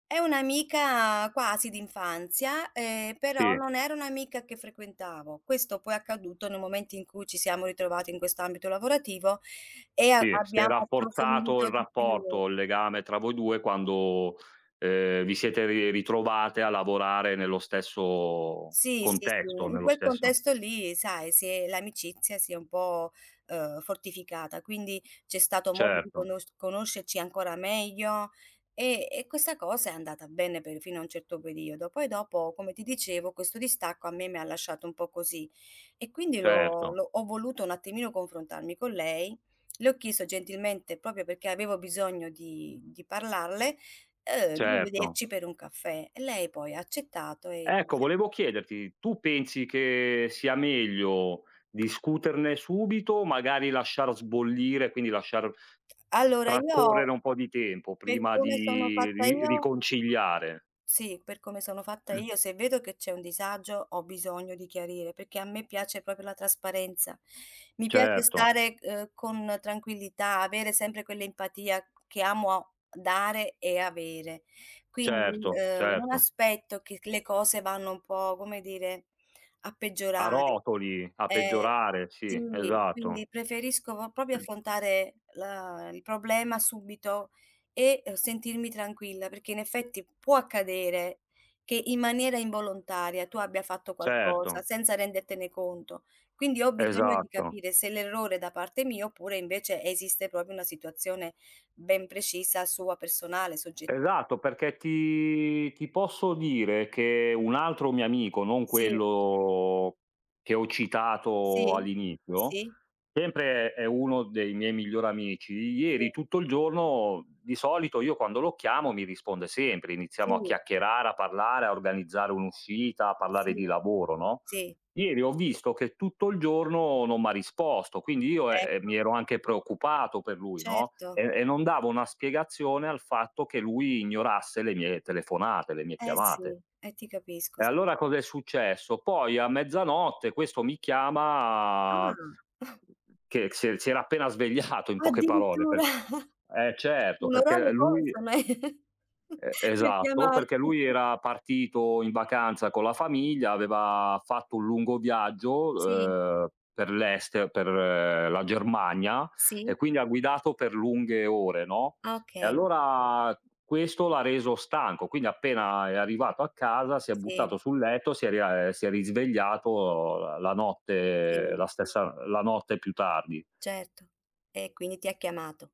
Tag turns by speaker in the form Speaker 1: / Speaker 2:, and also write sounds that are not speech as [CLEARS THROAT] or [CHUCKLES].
Speaker 1: È un'amica quasi d'infanzia, ehm, però
Speaker 2: Sì.
Speaker 1: non era un'amica che frequentavo. Questo poi è accaduto nel momento in cui ci siamo ritrovati in questo ambito lavorativo e a
Speaker 2: Sì, si è
Speaker 1: abbiamo
Speaker 2: rafforzato
Speaker 1: approfondito
Speaker 2: il
Speaker 1: di più.
Speaker 2: rapporto, il legame tra voi due quando, ehm, vi siete ri ritrovate a lavorare nello stesso
Speaker 1: Sì, sì, sì,
Speaker 2: contesto,
Speaker 1: in
Speaker 2: nello
Speaker 1: quel
Speaker 2: stesso
Speaker 1: contesto lì sai, si è l'amicizia si è un po' uhm, fortificata, quindi c'è stato modo di
Speaker 2: Certo.
Speaker 1: conosc conoscerci ancora meglio e e questa cosa è andata bene per fino a un certo periodo. Poi dopo, come ti dicevo, questo distacco a me mi ha lasciato un po' così. E quindi l'ho
Speaker 2: Certo.
Speaker 1: l'ho ho voluto un attimino confrontarmi con lei. Le ho chiesto gentilmente proprio perché avevo bisogno di di parlarle, uhm, di
Speaker 2: Certo.
Speaker 1: vederci per un caffè. E lei poi ha accettato e ci
Speaker 2: Ecco
Speaker 1: siamo
Speaker 2: volevo chiederti, tu pensi che sia meglio discuterne subito, magari lasciar sbollire, quindi lasciar
Speaker 1: Allora io,
Speaker 2: trascorrere un po' di tempo
Speaker 1: per
Speaker 2: prima
Speaker 1: come sono
Speaker 2: di
Speaker 1: fatta
Speaker 2: ri
Speaker 1: io
Speaker 2: riconciliare?
Speaker 1: sì, per come sono fatta
Speaker 2: [CLEARS THROAT]
Speaker 1: io, se vedo che c'è un disagio ho bisogno di chiarire perché a me piace proprio la trasparenza, mi piace
Speaker 2: Certo.
Speaker 1: stare, uhm, con tranquillità, avere sempre quell'empatia che amo dare e avere. Quindi,
Speaker 2: Certo
Speaker 1: uhm, un
Speaker 2: certo.
Speaker 1: aspetto che c le cose vanno un po', come dire, a
Speaker 2: A
Speaker 1: peggiorare.
Speaker 2: rotoli, a
Speaker 1: Eh
Speaker 2: peggiorare,
Speaker 1: sì,
Speaker 2: sì, esatto.
Speaker 1: quindi preferisco po proprio
Speaker 2: [CLEARS THROAT]
Speaker 1: affrontare, uhm, la il problema subito e sentirmi tranquilla, perché in effetti può accadere che, in maniera involontaria, tu abbia fatto qualcosa
Speaker 2: Certo.
Speaker 1: senza rendertene conto. Quindi ho bisogno di
Speaker 2: Esatto.
Speaker 1: capire se l'errore è da parte mia oppure invece esiste proprio una situazione ben precisa sua personale, sogge
Speaker 2: Esatto, perché ti ti posso dire che un altro mio amico, non
Speaker 1: Sì.
Speaker 2: quello che ho citato
Speaker 1: Sì,
Speaker 2: all'inizio,
Speaker 1: sì.
Speaker 2: sempre è uno dei miei migliori amici,
Speaker 1: Sì.
Speaker 2: ieri tutto il giorno di solito io quando lo chiamo mi risponde sempre, iniziamo a
Speaker 1: Sì.
Speaker 2: chiacchierare, a parlare, a organizzare un'uscita, a parlare
Speaker 1: Sì.
Speaker 2: di lavoro, no,
Speaker 1: Sì.
Speaker 2: ieri ho visto che tutto il giorno non m' ha risposto, quindi io, ehm, eh
Speaker 1: Ecco.
Speaker 2: mi ero anche preoccupato per lui, no,
Speaker 1: Certo.
Speaker 2: e e non davo una spiegazione al fatto che lui ignorasse le mie le telefonate, le mie
Speaker 1: Eh
Speaker 2: chiamate.
Speaker 1: sì, eh ti capisco
Speaker 2: E
Speaker 1: sì.
Speaker 2: allora cosa è successo, poi a mezzanotte questo mi
Speaker 1: Ah.
Speaker 2: chiama
Speaker 1: [CHUCKLES]
Speaker 2: che si si era appena svegliato in poche parole,
Speaker 1: Addirittura.
Speaker 2: per eh
Speaker 1: [CHUCKLES]
Speaker 2: certo, perché, uhm,
Speaker 1: Un'orario
Speaker 2: lui
Speaker 1: consono eh
Speaker 2: E
Speaker 1: [CHUCKLES] per
Speaker 2: esatto,
Speaker 1: chiamarti.
Speaker 2: perché lui
Speaker 1: [CHUCKLES]
Speaker 2: era partito in vacanza con la famiglia, aveva fatto un lungo viaggio,
Speaker 1: Sì.
Speaker 2: uhm, per l'este per l ehm, la Germania, e
Speaker 1: Sì.
Speaker 2: quindi ha guidato per lunghe ore, no, e
Speaker 1: Okay.
Speaker 2: allora questo l'ha reso stanco, quindi appena è arrivato a casa si è
Speaker 1: Sì.
Speaker 2: buttato sul letto, si è rie si è risvegliato la notte,
Speaker 1: Sì.
Speaker 2: la stessa la notte più tardi.
Speaker 1: Certo. E quindi ti ha chiamato.